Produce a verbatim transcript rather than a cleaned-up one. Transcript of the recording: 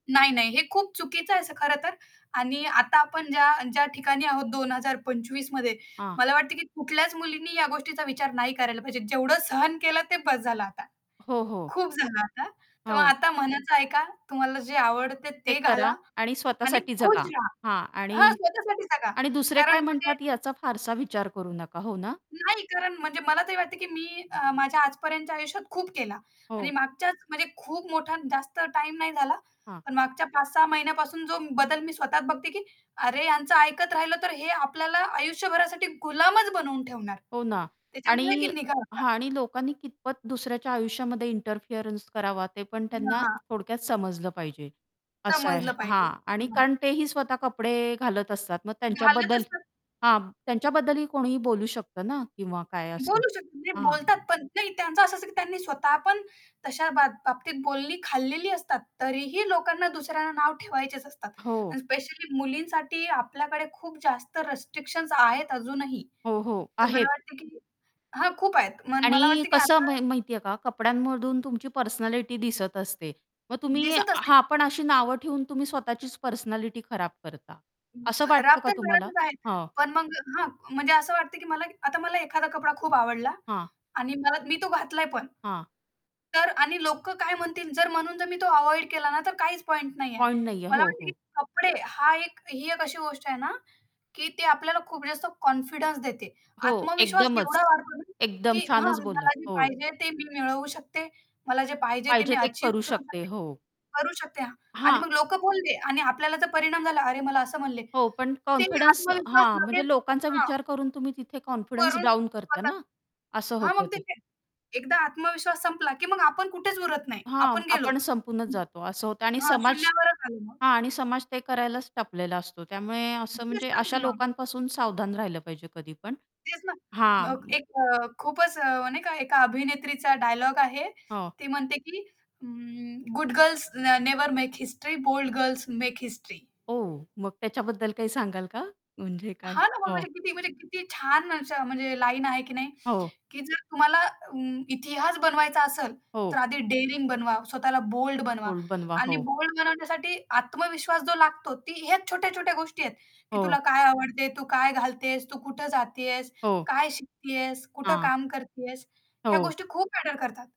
नाही, नाही, हे खूप चुकीचं आहे असं खरंतर. आणि आता आपण ज्या ज्या ठिकाणी आहोत दोन हजार पंचवीस मध्ये हां. मला वाटतं, की कुठल्याच मुलींनी या गोष्टीचा विचार नाही करायला पाहिजे. जेवढं सहन केलं ते बस झालं आता. हो, हो. खूप झालं आता. तेव्हा हो. आता मनाचं ऐका, तुम्हाला जे आवडतं हे ते घाला करा. आणि आणि स्वतःसाठी जगा. खुश रहा. हां. हां, आणि स्वतःसाठी जगा आणि दुसरे कारण काय म्हणजे म्हणतात याचा फारसा विचार करू नका, हो ना? नाही. कारण म्हणजे मला तरी वाटतं की मी अ, माझ्या आजपर्यंतच्या आयुष्यात खूप केला. हो. आणि मागच्याच म्हणजे खूप मोठा जास्त टाईम नाही झाला. हां. पण मागच्या पाच सहा महिन्यापासून जो बदल मी स्वतः बघते की, "अरे, यांचं ऐकत राहिलं तर हे आपल्याला आयुष्यभरासाठी गुलामच बनवून ठेवणार." हो ना. त्याच्यामुळे आणि की निघा आता. हां. आणि लोकांनी कितपत दुसऱ्याच्या आयुष्यामध्ये इंटरफिअरन्स करावा ते पण हां, त्यांना हां. थोडक्यात समजलं पाहिजे. असं आहे. समजलं पाहिजे. हां. आणि हं. कारण तेही स्वतः कपडे घालत असतात. मग घालत त्यांच्याबद्दल असतात हां, त्यांच्याबद्दलही कोणीही बोलू शकतं ना किंवा काय असं. बोलू शकतात, म्हणजे हां. बोलतात पण. नाही त्यांचं असं असतं, की त्यांनी स्वतः पण तशा बाब बाबतीत बोलणी खाल्लेली असतात. तरीही लोकांना दुसऱ्यांना नाव ठेवायचेच असतात. हो. आणि स्पेशली मुलींसाठी आपल्याकडे खूप जास्त रिस्ट्रिक्शन्स आहेत अजूनही. हो, हो तर मला आहेत. वाटतं की हां, खूप आहेत. मन मला आणि वाटतं की कसं आता म माहितीये का? कपड्यांमधून तुमची पर्सनॅलिटी दिसत असते. मग तुम्ही दिसत असतील. हां. पण अशी नावं ठेवून तुम्ही स्वतःचीच पर्सनॅलिटी खराब करता. असं खराब वाटतं का तर तुम्हाला? करायचंच आहे. हां. पण मग हां. म्हणजे असं वाटतं की मला आता मला एखादा कपडा खूप आवडला हां. आणि मला मी तो घातलाय पण हां. तर आणि लोक काय म्हणतील जर म्हणून जर मी तो अव्हॉइड केला ना, तर काहीच पॉइंट नाहीये. पॉइंट नाहीये. मला हो, वाटतं, की हो. कपडे हा एक ही एक अशी गोष्ट आहे ना, की ते आपल्याला खूप जास्त कॉन्फिडन्स देते. हो, आत्मविश्वास एकदमच एवढा वाढतो ना, एकदम की छानच मग बोललात. मला जे हो. पाहिजे ते मी मिळवू शकते. मला जे पाहिजे ते पाहिजे मी ते अचीव्ह करू करू शकते. शकते हो. करू शकते. आणि हां. मग लोक बोलले आणि आपल्याला जर परिणाम झाला, "अरे, मला असं म्हणले." हो, पण त्यानी कॉन्फिडन्स आत्मविश्वास हां, म्हणजे लगेच लोकांचा हां. विचार करून तुम्ही तिथे कॉन्फिडन्स वरून डाउन करता स्वतः ना, असं हां, होतं मग ते ते. ते एकदा आत्मविश्वास संपला, की मग आपण कुठेच उरत नाही. हां, आपण गेलो. आपण संपूनच हं. जातो असं होतं आणि हां, समाज शून्यावरच आलो मग. हां. आणि समाज ते करायलाच टपलेला असतो. त्यामुळे असं म्हणजे अशा [unintelligible] लोकांपासून सावधान राहिलं पाहिजे कधीपण. तेच ना हां. मग म एक अ, खूपच अ, नाही का एका अभिनेत्रीचा डायलॉग आहे. हो. ती म्हणते, की अं, "गुड गर्ल्स न never make history, bold girls make history." ओ. मग त्याच्याबद्दल काही सांगाल का? म्हणजे काय हां ना. मग हो. म्हणजे किती म्हणजे किती छान असे म्हणजे लाईन आहे की नाही? हो. की जर तुम्हाला अं, इतिहास बनवायचा असेल तर हो. आधी डेअरिंग बनवा, स्वतःला बोल्ड बनवा बोल्ड बनवा. आणि हो. बोल्ड बनवण्यासाठी आत्मविश्वास जो लागतो ती ह्याच छोट्या-छोट्या गोष्टी आहेत. की तुला हो. काय आवडते? तू काय घालतेस? तू कुठं जातीयेस? हो. काय शिकतीयेस? कुठं हां. काम करतीयेस? ह्या हो. गोष्टी खूप मॅटर करतात.